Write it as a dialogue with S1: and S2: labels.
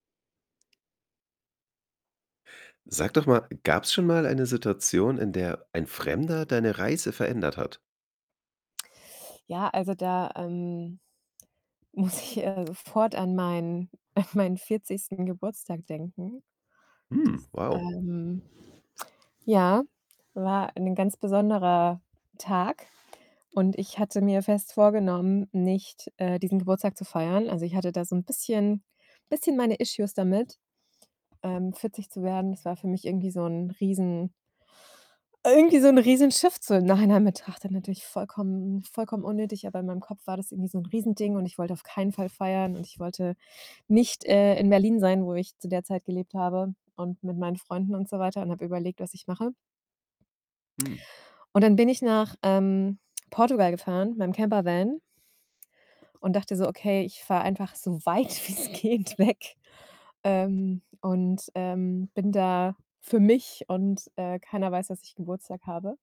S1: Sag doch mal, gab's schon mal eine Situation, in der ein Fremder deine Reise verändert hat?
S2: Ja, also, da, ähm, muss ich, äh, sofort an meinen an meinen 40. Geburtstag denken.
S1: Hm,
S2: Das,
S1: wow.
S2: ähm, ja, war ein ganz besonderer Tag. Und ich hatte mir fest vorgenommen, nicht, äh, diesen Geburtstag zu feiern. Also, ich hatte da so 'n bisschen bisschen meine issues damit, ähm, 40 zu werden. Das war für mich irgendwie so 'n riesen irgendwie so 'n riesen Shift, so im Nachhinein betrachtet natürlich vollkommen vollkommen unnötig. Aber in meinem Kopf war das irgendwie so 'n riesen Ding und ich wollte auf keinen Fall feiern. Und ich wollte nicht, äh, in Berlin sein, wo ich zu der Zeit gelebt habe und mit meinen Freunden und so weiter und habe überlegt, was ich mache.
S1: Hm.
S2: Und dann bin ich nach, ähm, Portugal gefahren, mit 'nem Campervan und dachte so: „Okay, ich fahre einfach so weit wie's geht weg.“ Ähm, und, ähm, bin da für mich und, äh, keiner weiß, dass ich Geburtstag habe.